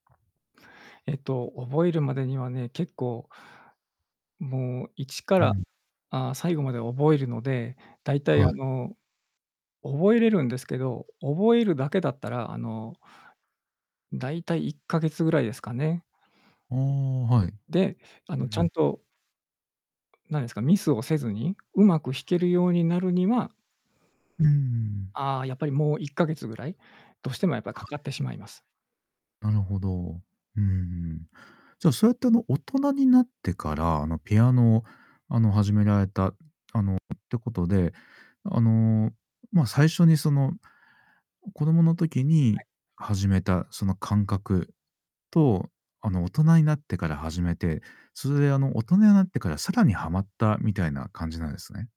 えっと覚えるまでにはね、結構もう一かうらん。ああ、最後まで覚えるので、大体はあい。の覚えれるんですけど、覚えるだけだったらあの大体1ヶ月ぐらいですかね。ああ、はい。で、あうのちゃん。んとなんですか、ミスをせずに上手く弾けるようになるにはうーん。ああ、やっぱりもう1ヶ月位どうしてもやっぱはかかい。ってしまいます。なるほど、うん、じゃあそうやってあの、大人になってから、あのピアノをあの、始められたあの、ってことで、あのま、最初にその子供の時はにい。始めたその感覚と、あの大人になってから始めて、それであの、大人になってから更にハマったみたいな感じなんですね。